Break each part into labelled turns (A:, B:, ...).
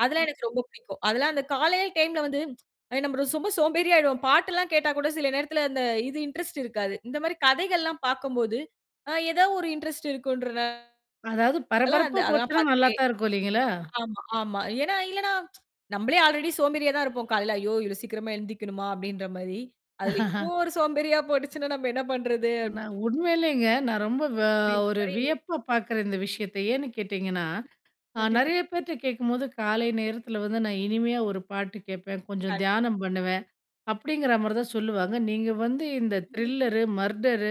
A: அதெல்லாம் எனக்கு ரொம்ப பிடிக்கும். அதெல்லாம் அந்தக் காலையில டைம்ல வந்து, நம்ம சும்மா சோம்பேறியா ஆயிடுவோம். பாட்டெல்லாம் கேட்டா கூடச் சில நேரத்துல அந்த, இது இண்டரெஸ்ட் இருக்காது. இந்த மாரி கதைகள்லாம் பார்க்கும்போது, ஏதாவது ஒரு இண்டரெஸ்ட் இருக்குன்ற
B: அதாவது பரபரப்பா
A: [unintelligible] அதெல்லாம்
B: போச்சுனா நல்லா
A: பார்த்துகிட்டே.
B: தான் இருக்கும். இல்லைங்களா?
A: ஆமா ஆமா. ஏன்னா, இல்லனா நம்மளே அல்ரெடி சோம்பேறியா தான் இருப்போம். காலைல, "ஐயோ, இவ்ளோ சீக்கிரமா எழுந்துக்கணுமா அப்படின்ற மாரி. அதுல இது ஒரு சோம்பேறியா போயிடுச்சுன்னா, நாம என்ன பண்றது?
B: நான் உண்மையிலேங்க நான் ரொம்ப
A: அப்படின்ற
B: ஒரு
A: மாரி.
B: வியப்பு பாக்குற இந்த விஷயத்தை ஏனு கேட்டீங்கன்னா
A: கண்டிப்பா
B: நிறைய பேர்ட்ட கேக்கும்போது காலை நேரத்துல வந்து நான் இனிமையா ஒரு பாட்டு கேப்பேன். கொஞ்சம்
A: கண்டிப்
B: தியானம் பண்ணுவேன்
A: கண்டிப்பா.
B: அப்படிங்கற மாதிரி தான் சொல்லுவாங்க. நீங்க வந்து இந்த
A: ம்ஹூம்.
B: த்ரில்லர் மர்டர்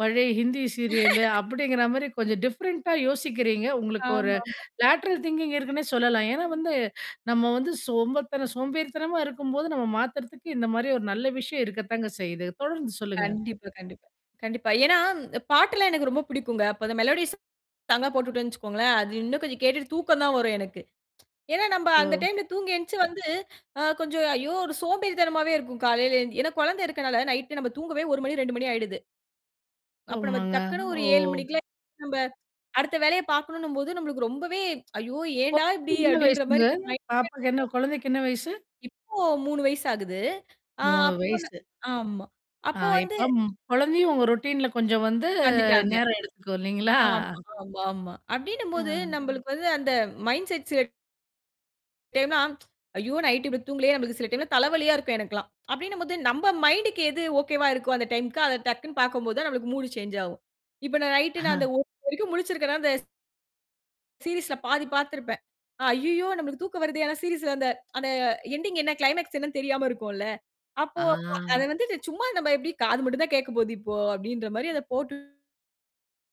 B: பழைய ஹிந்தி சீரியல் அப்படிங்கற மாதிரி கொஞ்சம் டிஃபரெண்ட் யோசிக்கிறீங்க. உங்களுக்கு ஒரு
A: ஆமாமா.
B: லேட்டரல் திங்கிங் இருக்குன்னு சொல்லலாம். ஏன்னா
A: ம்.
B: வந்து நம்ம வந்து சோம்ப, சோம்பேறித்தனமா இருக்கும்போது நம்ம மாத்துறதுக்கு இந்த மாதிரி ஒரு நல்ல விஷயம் இருக்கத்தான் செய்யுது. தொடர்ந்து சொல்லுங்க.
A: கண்டிப்பா, கண்டிப்பா. கண்டிப்பா, ஏன்னா, அ பாட்டெல்லாம் எனக்கு ரொம்ப பிடிக்கும்ங்க. அப்ப அந்த மெலோடி சாங்க் போட்டுட்டுட்டேன் வச்சுக்கோங்களேன். அது இன்னும் கொஞ்சம் கேட்டுட்டு, தூக்கம் தான் வரும் எனக்கு. ஏன்னா, நம்ம அந்த
B: ஓ.
A: டைம்ல தூங்கி எந்துச்சு வந்து, அ கொஞ்சம், ஐயோ, ஒரு சோம்பேறித்தனமாவே இருக்கும் காலையில எழுந்து. ஏன்னா குழந்தை இருக்குறதுனால, நைட் நம்ம தூங்கவே 1 மணி, 2 மணி ஆயிடுது. அப்போ நாம
B: ஆமாங்க.
A: டக்குன்னு ஒரு 7
B: ஓ.
A: மணிக்கெல்லாம் நம்ம, அடுத்த வேலையப் பார்க்கணும்னு போது. நமக்கு ரொம்பவே, ஐயோ ஏன்டா இப்படி
B: [unintelligible] என்ன வயசு
A: அப்படின்ற மாரி.
B: உங்க
A: [unintelligible]
B: பாப்பாவுக்கு? குழந்தைக்கு என்ன வயசு?
A: இப்போ 3 வயசு ஆகுது. அ
B: 3
A: அப்போ ந
B: வயசு.
A: ஆமா
B: ஆ.
A: அப்போ வந்து.
B: இப்போ குழந்தையும் உங்க ரொடீன்ல கொஞ்சம் வந்து
A: வந்துட்டாங்க.
B: நேரம் எடுத்துக்கும் இல்லைங்களா?
A: ஆமா. ஆமா, ஆமா. அப்படின்னு போது,
B: ஆ.
A: நம்மளுக்கு வந்து அந்த மைண்ட் செட், சில டைம்லாம், ஐயோ, நைட் இப்டி தூங்குலயே. நமக்குச் சில டைம்ல தலைவலியா இருக்கும். எனக்கெல்லாம். அப்படின்னு போது, நம்ம மைண்ட்க்கு எது ஓகேவா இருக்கும், அந்த டைம்க்கு அத டக்குன்னு பார்க்கும்போது, நமக்கு மூடு சேஞ்ச் ஆகும். இப்போ நைட் நான்
B: ஆ.
A: வரைக்கும் முழிச்சிருக்கேன்னா இந்த ஸ் அந்த சீரிஸ்ல பாதி பாத்துருப்பேன். அய்யோ, நம்மளுக்கு தூக்கம் வருது. ஆனா, சீரிஸ்ல அந்த எண்டிங் என்ன, க்ளைமாக்ஸ் என்னன்னு தெரியாம இருக்கும்ல. அப்போ அதை
B: ஆ.
A: வந்து சும்மா, நாம எப்படி காது மட்டும் தான் கேட்கப் போகுது இப்போ அப்படின்னுற மாதிரி, அதை போட்டு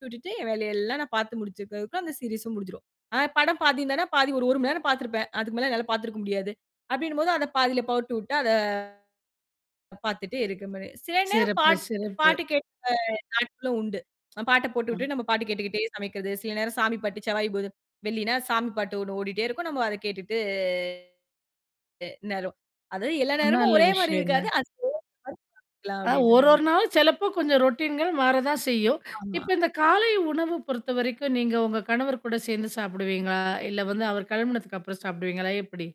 A: விட்டுட்டு என் வேலையெல்லாம் பாத்து முடிச்சு இருக்கேன். அதுக்குள்ள அந்த சீரிஸும் முடிஞ்சிரும். படம் பாத்தீங்கன்னா, பாதி, ஒரு 1 மணி நேரம் பாத்துருப்பேன். அதுக்கு மேல என்னால பாத்துருக்க முடியாது அப்படின்னு போது, அதைப் பாதியில போட்டுட்டு, அதை பாத்துட்டு இருக்க மாதிரி. சில நேரம்
B: சிறப்பு,
A: பாட்டு,
B: சிறப்பு.
A: பாட்டு கேக்கும் நாட்களும் உண்டு. பாட்டைப்
B: ஆ.
A: போட்டுட்டு, நம்ம பாட்டு கேட்டுகிட்டே சமைக்குறது. சில நேரம் சாமி பாட்டு, செவ்வாய், வெள்ளினா சாமி பாட்டு ஒண்ணு ஓடிட்டே இருக்கும். நம்ம அதைக் கேட்டுட்டு [unintelligible] நேரம். அது எல்லா நேரமும்
B: நல்ல
A: ஒரே மாதிரி
B: விஷயம்ங்க.
A: இருக்காது. [unintelligible] அப்டின்ற
B: ஒரு
A: மாதிரி
B: ஒரு
A: இருக்கும்.
B: நாளும் சிலப்பம் கொஞ்சம் ரொடீன் மாறத்தான் செய்யும்.
A: ஆமா.
B: இப்போ இந்தக் காலை உணவு பொறுத்த வரைக்கும் நீங்க உங்க கணவர் கூடச் சேர்ந்து சாப்பிடுவீங்களா? இல்ல வந்து அவர் கிளம்பினதுக்கு அப்புறம் சாப்பிடுவீங்களா எப்படி?